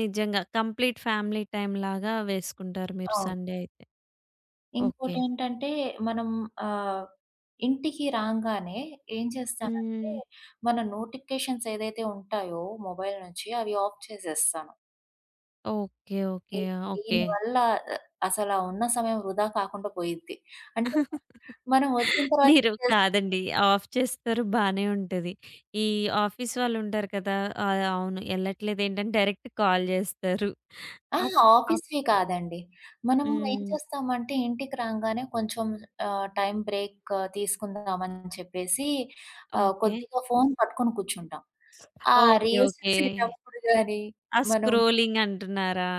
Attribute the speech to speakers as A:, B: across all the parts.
A: నిజంగా complete family టైమ్‌లాగా వేసుకుంటారు మీరు,
B: అవును.
A: సండే అయితే. ఓకే.
B: ఇంకోటేంటంటే మనం ఆహ్, ఇంటికి రాంగానే ఏం చేస్తానంటే,
A: హ్మ్.
B: మన నోటిఫికేషన్స్ ఏదైతే ఉంటాయో, మొబైల్ నుంచి, అవి ఆఫ్ చేసేస్తాను.
A: ఓకే,
B: ఇ
A: ఓకే. ఓకే.
B: దీని వల్ల అ అసలు ఆ ఉన్న సమయం వృధా కాకుండా పోయిద్ది. అంటే మనం వచ్చిన తర్వాత ఏం
A: మీరు
B: జేస్తాం?
A: కాదండి, ఆఫ్ చేస్తారు బానే ఉంటది. ఈ ఆఫీస్ వాళ్ళుంటారు కదా! ఆహ్, అవును ఎళ్ళట్లేదేంటని డైరెక్ట్ కాల్ జేస్తారు.
B: ఆ!
A: అప్ అప్
B: ఆఫీస్‌వి కాదండి. మనము ఏం
A: హ్మ్.
B: చేస్తామంటే, ఇంటికి రాంగానే కొంచెం ఆహ్, టైమ్ బ్రేక్ తీసుకుందామని చెప్పేసి, ఆహ్,
A: ఓకే.
B: కొద్దిగా ఫోన్ పట్టుకొని కూర్చుంటాం.
A: స్ ఆ!
B: ఆ
A: ఓకే,
B: రిల్స్
A: ఓకే.
B: చూసేటప్పుడు గాని,
A: ఆ
B: మనం
A: స్క్రోలింగంటున్నారా?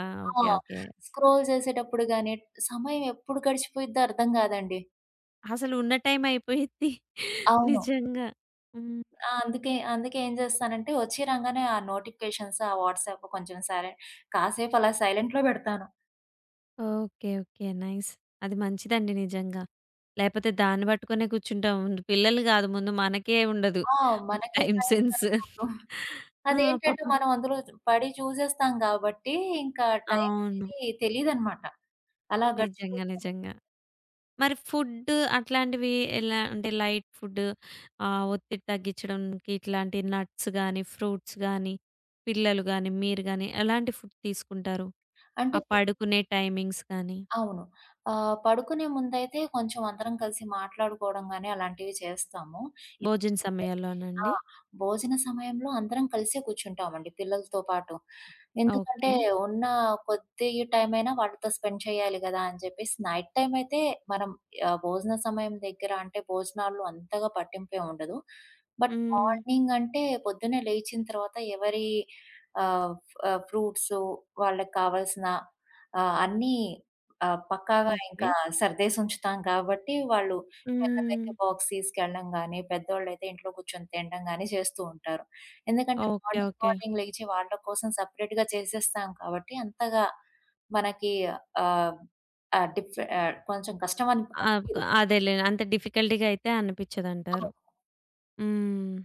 B: ఆ!
A: Okay, okay.
B: స్క్రోల్ చేసేటప్పుడు గాని, సమయం ఎప్పుడు గడిచిపోయిద్దో అర్థం గాదండి.
A: అసలున్న టైమ్ అయిపోయిద్ది.
B: అవును.
A: నిజంగా. హ్మ్.
B: ఆ! అందుకే, అందుకే ఏం జేస్తానంటే, ఒచ్చి రాంగానే ఆ నోటిఫికేషన్స్, ఆ వాట్సాప్, కొంచెం సైలెంట్, కాసేపలా సైలెంట్‌లో బెడతాను.
A: Okay, okay. నైస్. అది మంచిదండి నిజంగా. లేకపోతే దాన్ని బట్టుకునే కూర్చుంటాం. ముందు పిల్లలు గాదు ముందు మనకే ఉండదు
B: ఆ! మనకే
A: టైమ్
B: టైమ్
A: సెన్సు.
B: సరిపోదు.
A: ఆ!
B: అదేంటంటే,
A: పాపం
B: మనం అందులో జు పడి జూసేస్తాం గాబట్టి, ఇంకా టైమ్
A: అవును.
B: అనేది తెలీదన్నమాట. అలా
A: నిజంగా,
B: గడిచిపొతా ఉంటది.
A: నిజంగా. మరి ఫుడ్డు అట్లాంటివి ఎలా అంటే, లైట్ ఫుడ్డు, ఆహ్, ఒత్తిడి తగ్గించడానికి, ఇట్లాంటి నట్స్ గానీ, ఫ్రూట్స్ గానీ, పిల్లలు గానీ, మీరు గాని, ఎలాంటి ఫుడ్ తీసుకుంటారు?
B: అంటే
A: ఆ
B: పి
A: పడుకునే టైమింగ్స్ గానీ?
B: అవును. ఆహ్, పడుకునే ముందైతే, కొంచెం అందరం కలిసి మాట్లాడుకోవడం గాని, అలాంటివి చేస్తాము. ఇంతకు
A: భోజన
B: ముందంటే ఆ!
A: సమయాల్లోనండి.
B: భోజన సమయంలో అందరం కలిసే కూర్చుంటామండి పిల్లలతో పాటు. ఎందుకంటే,
A: ఓకే.
B: ఉన్న కొద్ది టైమ్ అయినా వాళ్ళతో స్పెండ్ చేయాలి గదా! అని జెప్పేసి నైట్ టైమ్ అయితే మనం ఆహ్, భోజన సమయం దగ్గర అంటే భోజనాల్లో అంతగా పట్టింపేంముండదు. బట్
A: హ్మ్.
B: మార్నింగ్ అంటే పొద్దున్నే లేచిన తర్వాత ఎవరి ఆహ్, ఆహ్, ఫ్రూట్స్ వాళ్ళకి కావాల్సిన ఆహ్, అన్ని ఆహ్, పక్కాగా ఇంకా
A: ఓకే.
B: సర్దేసి ఉంచుతాం కాబట్టి, వాళ్ళు పిల్లలైతే
A: హ్మ్.
B: బాక్స్ తీసుకెళ్ళడం గాని, పెద్దోళ్ళయితే ఇంట్లో కూర్చొని తినడం గాని, చేస్తూ ఉంటారు. ఎందుకంటే,
A: ఓకే.
B: Morning
A: okay.
B: మార్నింగ్ లేచి వాళ్ళ కోసం సెపరేట్‌గా చేసేస్తాం కాబట్టి, అంతగా మనకి ఆహ్, ఆ డిఫె కొంచెం
A: ఆప్
B: కష్టమనిపీయదు.
A: అదేలే అంత డిఫికల్టీ‌గా అయితే
B: ఆ!
A: అనిపించదంటారు. హ్మ్.